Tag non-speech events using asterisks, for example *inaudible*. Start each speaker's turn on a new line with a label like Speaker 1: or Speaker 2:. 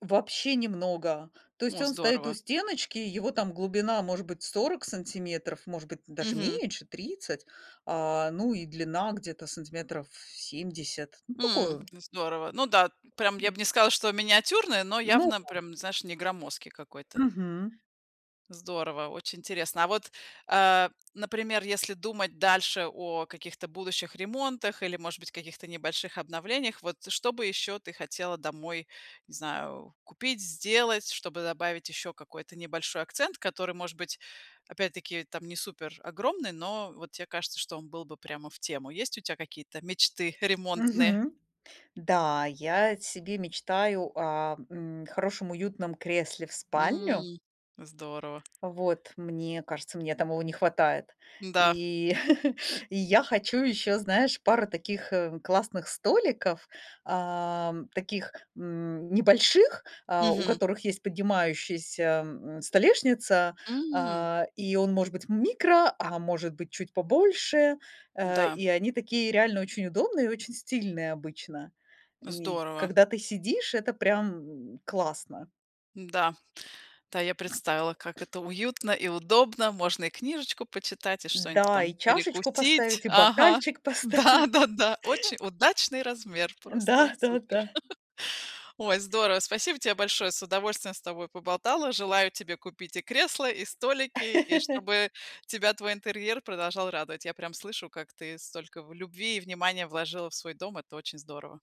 Speaker 1: Вообще немного! То есть
Speaker 2: О,
Speaker 1: он стоит у
Speaker 2: здорово.
Speaker 1: стеночки, его там глубина, может быть, 40 сантиметров, может быть, даже
Speaker 2: Мгм.
Speaker 1: меньше, 30. А, ну и длина где-то сантиметров 70. Ну такой
Speaker 2: Мм.
Speaker 1: он
Speaker 2: Здорово. Ну да, прям я б не сказала, что миниатюрный, но
Speaker 1: Ну
Speaker 2: явно
Speaker 1: да.
Speaker 2: прям, знаешь, не громоздкий какой-то.
Speaker 1: Мгм.
Speaker 2: Здорово! Очень интересно. А вот, э, например, если думать дальше о каких-то будущих ремонтах или, может быть, каких-то небольших обновлениях, вот что бы еще ты хотела домой, не знаю, купить, сделать? Чтобы добавить еще какой-то небольшой акцент, который, может быть, опять-таки там не супер огромный, но вот те кажется, что он был бы прямо в тему. Есть у тя какие-то мечты ремонтные?
Speaker 1: Мгм. Да, я себе мечтаю о, мм, хорошем уютном кресле в спальню.
Speaker 2: Мм. Здорово.
Speaker 1: Вот. Мне кажется, мне там его не хватает.
Speaker 2: Да.
Speaker 1: И, *chuckles* и я хочу ещё, знаешь, пару таких, э, классных столиков, ам, таких, мм, небольших, э, у
Speaker 2: Мгм.
Speaker 1: которых есть поднимающаяся, мм, столешница,
Speaker 2: Мм.
Speaker 1: а, и он может быть микро, а может быть чуть побольше. Э,
Speaker 2: Да.
Speaker 1: и они такие реально очень удобные, и очень стильные обычно, и
Speaker 2: Здорово!
Speaker 1: когда ты сидишь, это прям, м, классно.
Speaker 2: Да. Да, я представила, как это уютно и удобно. Можно и книжечку почитать, и что-нибудь
Speaker 1: Да,
Speaker 2: там
Speaker 1: и чашечку
Speaker 2: перекусить.
Speaker 1: поставить, и
Speaker 2: Ага,
Speaker 1: бокальчик поставить.
Speaker 2: да-да-да. Очень
Speaker 1: *chuckles*
Speaker 2: удачный размер!
Speaker 1: Да,
Speaker 2: Просто
Speaker 1: да-да.
Speaker 2: супер. *chuckles* Ой, здорово. Спасибо тебе большое. С удовольствием с тобой поболтала. Желаю тебе купить и кресло, и столики, и
Speaker 1: *laughs*
Speaker 2: чтобы тебя твой интерьер продолжал радовать. Я прям слышу, как ты столько в любви и внимания вложила в свой дом. Это очень здорово.